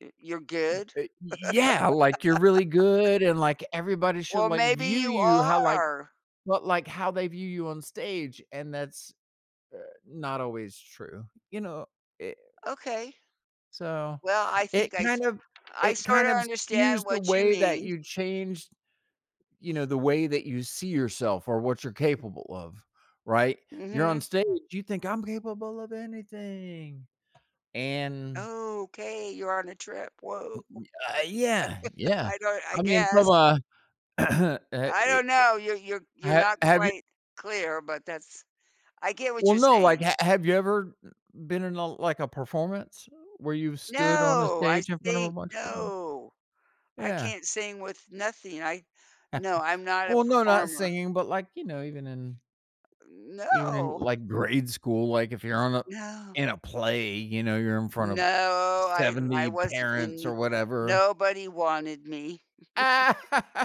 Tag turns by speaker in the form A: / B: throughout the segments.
A: Y You're
B: M
A: good?
B: uh y yeah, like, you're really good, and, like, everybody should,
A: Well,
B: like,
A: maybe
B: view
A: you
B: you how, like
A: are.
B: but, like, how they view you on stage, and that's, uh, not always true. You know, it
A: Okay.
B: So,
A: Well, I
B: it
A: think I s
B: kind of
A: I
B: it kind
A: sorta
B: of
A: understand
B: skews the
A: what you
B: way that
A: mean.
B: you change, you know, the way that you see yourself, or what you're capable of, right? You're on
A: Mhm.
B: stage, you think, "I'm capable of anything," and
A: Okay, you're on a trip, whoa.
B: Ye ye uh, yeah, yeah.
A: I don't I
B: I mean, from
A: guess
B: a uh,
A: I
B: e
A: don't
B: eh
A: know, you're you're you're
B: ha
A: not
B: have you
A: quite clear, but that's I get what
B: Well,
A: you're
B: no, like,
A: saying.
B: ha have you ever, uh, been in a like, a performance, where you've stood on a
A: No! I
B: stage in front of a
A: think,
B: bunch of people?
A: no. I
B: Yeah.
A: can't sing with nothing, I No, I'm not a
B: Well, no, not
A: performer.
B: singing, but, like, you know, even in even in,
A: No!
B: like, grade school, like, if you're on a
A: No.
B: in a play, you know, you're in front of
A: No. I I
B: 70
A: wasn't
B: parents or
A: in
B: whatever.
A: nobody wanted me.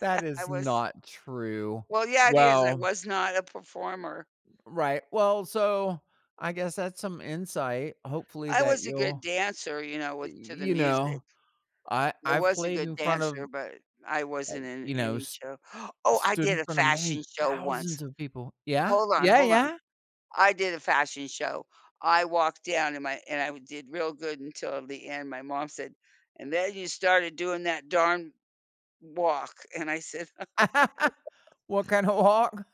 B: That
A: I
B: is
A: was
B: not true.
A: Well, yeah, it is, I
B: Well
A: was not a performer.
B: Right, well, so, I guess that's some insight, hopefully,
A: I
B: that
A: was a good
B: you'll
A: dancer, you know,
B: y
A: with to the
B: you
A: music.
B: know, I
A: I
B: I've
A: was a
B: played
A: good
B: in front of,
A: dancer, but I
B: uh,
A: wasn't in
B: you know
A: any
B: s
A: show. Oh, I
B: stood
A: did
B: in
A: a
B: front of many
A: fashion show once!
B: thousands of people. Yeah?
A: Hold on,
B: Yeah,
A: hold on.
B: yeah?
A: I did a fashion show. I walked down, and my and I did real good until the end, my mom said, "And then, you started doing that darn walk," and I said
B: What kinda walk?